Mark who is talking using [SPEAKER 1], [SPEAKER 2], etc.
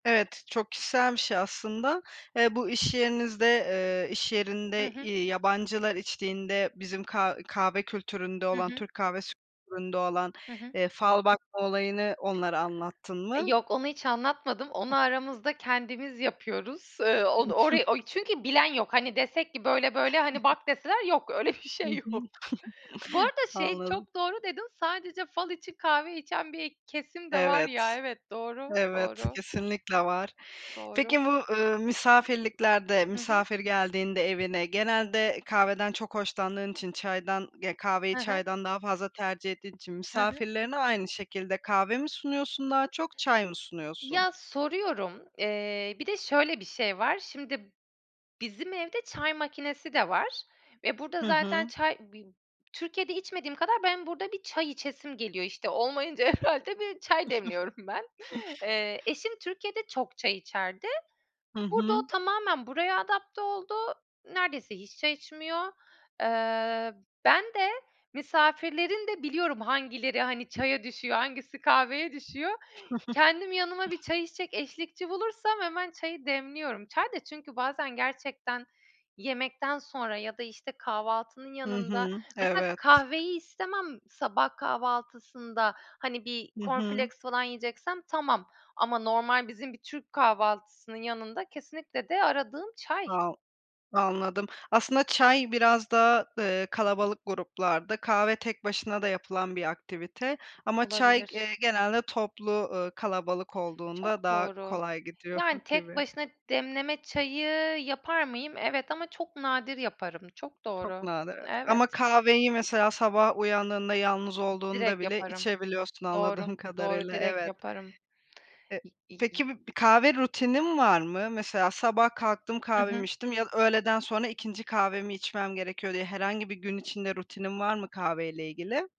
[SPEAKER 1] Evet, çok kişisel bir şey aslında. Eee, bu iş yerinizde, eee, iş
[SPEAKER 2] Hı
[SPEAKER 1] yerinde,
[SPEAKER 2] hı.
[SPEAKER 1] eee, yabancılar içtiğinde bizim ka kahve kültüründe
[SPEAKER 2] Hı
[SPEAKER 1] olan,
[SPEAKER 2] hı.
[SPEAKER 1] Türk kahvesi kültüründe olan,
[SPEAKER 2] Hı hı.
[SPEAKER 1] eee, fal bakma olayını onlara anlattın mı?
[SPEAKER 2] Yok, onu hiç anlatmadım. Onu aramızda kendimiz yapıyoruz. Eee, o on orayı
[SPEAKER 1] [unintelligible]
[SPEAKER 2] o çünkü bilen yok. Hani, desek ki böyle böyle... Hani, "Bak." deseler, yok, öyle bir
[SPEAKER 1] Hı
[SPEAKER 2] şey
[SPEAKER 1] hı.
[SPEAKER 2] yok. Bu arada, şey,
[SPEAKER 1] Anladım.
[SPEAKER 2] çok doğru dedin. Sadece fal için kahve içen bir kesim de var
[SPEAKER 1] Evet.
[SPEAKER 2] ya. Evet, doğru,
[SPEAKER 1] Evet,
[SPEAKER 2] doğru.
[SPEAKER 1] kesinlikle var.
[SPEAKER 2] Doğru.
[SPEAKER 1] Peki, bu, eee, misafirliklerde,
[SPEAKER 2] Hı hı.
[SPEAKER 1] misafir geldiğinde evine, genelde kahveden çok hoşlandığın için, çaydan, ge kahveyi
[SPEAKER 2] Hı hı.
[SPEAKER 1] çaydan daha fazla tercih ettiğin için
[SPEAKER 2] Hı hı.
[SPEAKER 1] misafirlerine aynı şekilde kahve mi sunuyorsun, daha çok çay mı sunuyorsun?
[SPEAKER 2] Ya, soruyorum, eee, bir de şöyle bir şey var. Şimdi bizim evde çay makinesi de var ve burada
[SPEAKER 1] Hı
[SPEAKER 2] zaten
[SPEAKER 1] hı.
[SPEAKER 2] çay bi Türkiye'de içmediğim kadar benim burada bir çay içesim geliyor. İşte, olmayınca herhâlde bir çay demliyorum ben. Eee, eşim Türkiye'de çok çay içerdi.
[SPEAKER 1] Hı
[SPEAKER 2] Burada o
[SPEAKER 1] hı.
[SPEAKER 2] tamamen buraya adapte oldu. Neredeyse hiç çay içmiyor. Eee, ben de misafirlerin de biliyorum hangileri, hani, çaya düşüyor, hangisi kahveye düşüyor. Kendim yanıma bir çay içecek eşlikçi bulursam hemen çayı demliyorum. Çay da çünkü bazen gerçekten yemekten sonra ya da, işte, kahvaltının
[SPEAKER 1] Hı
[SPEAKER 2] yanında
[SPEAKER 1] hı.
[SPEAKER 2] Mesela,
[SPEAKER 1] Evet.
[SPEAKER 2] kahveyi istemem sabah kahvaltısında. Hani, bir
[SPEAKER 1] Hı
[SPEAKER 2] corn
[SPEAKER 1] hı.
[SPEAKER 2] flakes falan yiyeceksem tamam ama normal bizim bir Türk kahvaltısının yanında kesinlikle de aradığım çay.
[SPEAKER 1] [unintelligible] Anladım. Aslında çay biraz daha, eee, kalabalık gruplarda; kahve tek başına da yapılan bir aktivite ama çay,
[SPEAKER 2] Olabilir.
[SPEAKER 1] eee, genelde toplu, eee, kalabalık olduğunda
[SPEAKER 2] Çok
[SPEAKER 1] daha
[SPEAKER 2] doğru.
[SPEAKER 1] kolay gidiyor
[SPEAKER 2] Yani, tek
[SPEAKER 1] gibi.
[SPEAKER 2] başına demleme çayı yapar mıyım? Evet ama çok nadir yaparım. Çok
[SPEAKER 1] Çok
[SPEAKER 2] doğru.
[SPEAKER 1] nadir, evet ama
[SPEAKER 2] Evet.
[SPEAKER 1] kahveyi mesela sabah uyandığında yalnız olduğunda
[SPEAKER 2] Direkt
[SPEAKER 1] bile
[SPEAKER 2] yaparım.
[SPEAKER 1] içebiliyorsun,
[SPEAKER 2] Doğru.
[SPEAKER 1] anladığım
[SPEAKER 2] Doğru
[SPEAKER 1] kadarıyla.
[SPEAKER 2] direkt
[SPEAKER 1] Evet.
[SPEAKER 2] yaparım.
[SPEAKER 1] Eee,
[SPEAKER 2] İ i i
[SPEAKER 1] peki, bir kahve rutinin var mı? Mesela, sabah kalktım,
[SPEAKER 2] Hı
[SPEAKER 1] kahvemi
[SPEAKER 2] hı.
[SPEAKER 1] içtim. "Ya, öğleden sonra ikinci kahvemi içmem gerekiyor." diye herhangi bir gün içinde rutinin var mı kahveyle ilgili?